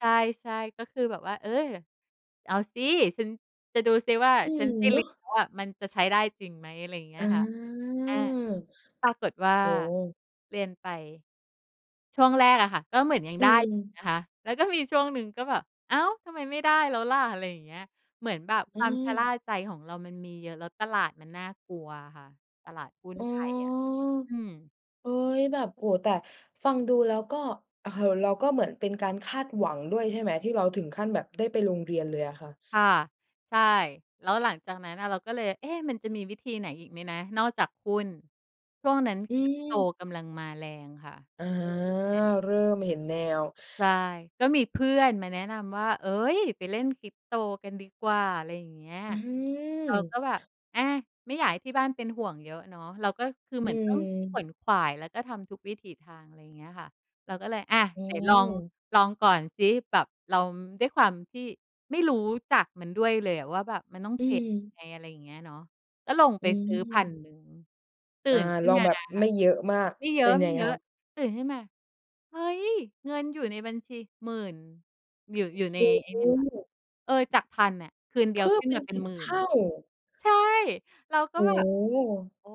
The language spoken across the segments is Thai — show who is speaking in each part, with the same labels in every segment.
Speaker 1: ใช่ ๆ ก็คือแบบว่า เออ เอาสิ ฉันจะดูสิว่า
Speaker 2: อื
Speaker 1: ฉั
Speaker 2: ม
Speaker 1: นได้
Speaker 2: เน
Speaker 1: เร
Speaker 2: า
Speaker 1: ี
Speaker 2: ะ
Speaker 1: ยนแล้วอะ มันจะใช้ได้จริงไหม อะไรอย่างเงี้
Speaker 2: อ
Speaker 1: ย
Speaker 2: า
Speaker 1: ค่ะ อา ปรากฏว่า
Speaker 2: โอ้
Speaker 1: เรียนไป ช่วงแรกอะค่ะ ก็เหมือนยัง
Speaker 2: อื
Speaker 1: ได้อยู่
Speaker 2: ม
Speaker 1: นะคะ แล้วก็มีช่วงหนึ่งก็แบบ "อ้าว ทำไมไม่ได้แล้วล่ะ?" อะไรอย่างเงี้ย เหมือนแบบ
Speaker 2: อ
Speaker 1: ค
Speaker 2: ื
Speaker 1: วามชะล่า
Speaker 2: ม
Speaker 1: ใจของเรามันมีเยอะ แล้วตลาดมันน่ากลัวอะค่ะ ตลาดหุ้น
Speaker 2: อ๋อ
Speaker 1: ไทยอะ อืม
Speaker 2: เอ๊ย แบบ โอ้โฮ แต่ฟัง ดูแล้วก็ เอ่อ เราก็เหมือนเป็นการคาดหวังด้วยใช่ไหม ที่เราถึงขั้นแบบได้ไปลงเรียนเลยอะค่ะ?
Speaker 1: ค่ะ ใช่ แล้วหลังจากนั้นอะเราก็เลย เอ๊ะ มันจะมีวิธีไหนอีกไหมนะ นอกจากหุ้น ช่วง นั้น
Speaker 2: อื
Speaker 1: Crypto
Speaker 2: ม
Speaker 1: กำลังมาแรงค่ะ
Speaker 2: อา
Speaker 1: อือ อา
Speaker 2: เริ่มเห็นแนว
Speaker 1: ใช่ ก็มี เพื่อนมาแนะนำว่า "เอ๊ย ไปเล่น Crypto กันดีกว่า" อะไรอย่างเงี้ย
Speaker 2: อื
Speaker 1: เราก็แบบ
Speaker 2: ม
Speaker 1: อา ไม่อยากให้ที่บ้านเป็นห่วงเยอะเนาะ เราก็คือเห
Speaker 2: อ
Speaker 1: ม
Speaker 2: ื
Speaker 1: ือนต้องข
Speaker 2: อ
Speaker 1: วนขวาย แล้วก็ทำทุกวิถีทาง อะไรอย่างเงี้ยค่ะ เราก็เลย อา
Speaker 2: โ
Speaker 1: เดี๋ยวลอง
Speaker 2: อ้
Speaker 1: ลองก่อนซิ แบบเรา ด้วยความที่ไม่รู้จักมันด้วยเลยอะว่าแบบมันต้อง
Speaker 2: อ
Speaker 1: เ
Speaker 2: ื
Speaker 1: ทรดยั
Speaker 2: ม
Speaker 1: งไง อะไรอย่างเงี้ยเนาะ ก็ลงไ
Speaker 2: อ
Speaker 1: ป
Speaker 2: ื
Speaker 1: ซื้อ พัน
Speaker 2: ม
Speaker 1: หนึ่ง ตื่
Speaker 2: อา
Speaker 1: นขึ้
Speaker 2: ล
Speaker 1: น
Speaker 2: อง
Speaker 1: มา
Speaker 2: แบบ
Speaker 1: อะค่
Speaker 2: ไ
Speaker 1: ะ
Speaker 2: ม่เยอะมาก
Speaker 1: ไม่เยอ
Speaker 2: เป็นยังไงค
Speaker 1: ะ
Speaker 2: รับ?
Speaker 1: ๆ ตื่นขึ้นมา เฮ้ย เงินอยู่ในบัญชี 10,000 อยู่ อยู่ใน
Speaker 2: โอ้
Speaker 1: ไอ
Speaker 2: โ
Speaker 1: ้เนี่ยค่ะ
Speaker 2: ฮ
Speaker 1: เออ จาก 1,000 อะ คืนเดี
Speaker 2: เพ
Speaker 1: ยว
Speaker 2: ิ่
Speaker 1: ข
Speaker 2: ม
Speaker 1: ึ้น
Speaker 2: เป็
Speaker 1: ม
Speaker 2: น
Speaker 1: าเป็
Speaker 2: ส
Speaker 1: น
Speaker 2: ิบ
Speaker 1: หมื่
Speaker 2: เ
Speaker 1: น
Speaker 2: ท
Speaker 1: น
Speaker 2: ่
Speaker 1: ่ะ
Speaker 2: า
Speaker 1: ใช่ เราก็
Speaker 2: โอ้
Speaker 1: แบบ
Speaker 2: โฮ
Speaker 1: "โอ้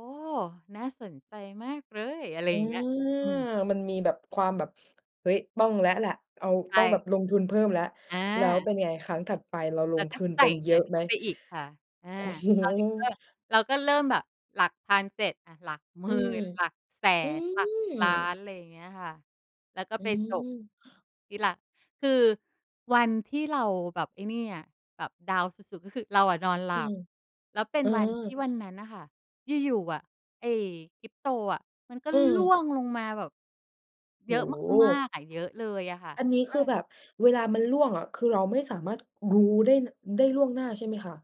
Speaker 1: น่าสนใจมากเลย" อะไร
Speaker 2: อ
Speaker 1: อ
Speaker 2: า
Speaker 1: ย่างเงี้ย อืม
Speaker 2: มันมีแบบ ความแบบ เฮ้ย ต้องแล้วแหละ เอา
Speaker 1: ใช
Speaker 2: ต
Speaker 1: ่
Speaker 2: ้องแบบ
Speaker 1: ค่ะ
Speaker 2: ลงทุนเพิ่มแล้ว
Speaker 1: อ
Speaker 2: แล้ว
Speaker 1: า
Speaker 2: เป็นไงครั้งถัดไปเราล
Speaker 1: เรา
Speaker 2: ง
Speaker 1: ก
Speaker 2: พ
Speaker 1: ็
Speaker 2: ืน
Speaker 1: ใส
Speaker 2: ไ
Speaker 1: ่
Speaker 2: ปเย
Speaker 1: เง
Speaker 2: อ
Speaker 1: ิน
Speaker 2: ะ
Speaker 1: เข
Speaker 2: ไห
Speaker 1: ้
Speaker 2: ม?
Speaker 1: าไปอีกค่ะ อา
Speaker 2: ก โอ้โฮ
Speaker 1: คราวนี้ก็ เราก็เริ่มแบบหลักพันเสร็จ อา หลักหมื
Speaker 2: อื
Speaker 1: ่
Speaker 2: ม
Speaker 1: นหลักแส
Speaker 2: อื
Speaker 1: นหลักล้า
Speaker 2: ม
Speaker 1: น อะไรอย่างเงี้ยค่ะ แล้วก็
Speaker 2: อื
Speaker 1: ไปจบ
Speaker 2: ม
Speaker 1: ที่ ล คือวันที่เราแบบไอ้นี่อะ แบบดาวน์สุด ๆ ก็คือเราอะนอนหล
Speaker 2: อ
Speaker 1: ั
Speaker 2: ืม
Speaker 1: บ แล้วเป็
Speaker 2: เ
Speaker 1: น
Speaker 2: ออ
Speaker 1: วันที่วันนั้นน่ะค่ะ อยู่ ๆ อะไอ้ Crypto อะมันก็
Speaker 2: อื
Speaker 1: ร่
Speaker 2: ม
Speaker 1: วงลงมาแบบ
Speaker 2: โ
Speaker 1: เ
Speaker 2: อ
Speaker 1: ย
Speaker 2: ้
Speaker 1: อะ
Speaker 2: โ
Speaker 1: มา
Speaker 2: ฮ
Speaker 1: ก ๆ อะ เยอะเลยอะค่ะ
Speaker 2: อันนี้
Speaker 1: เอ
Speaker 2: ค
Speaker 1: อ
Speaker 2: ือแบบเวลามันร่วงอะคือเราไม่สามารถรู้ได้ น ได้ล่วงหน้าใช่ไหมคะ?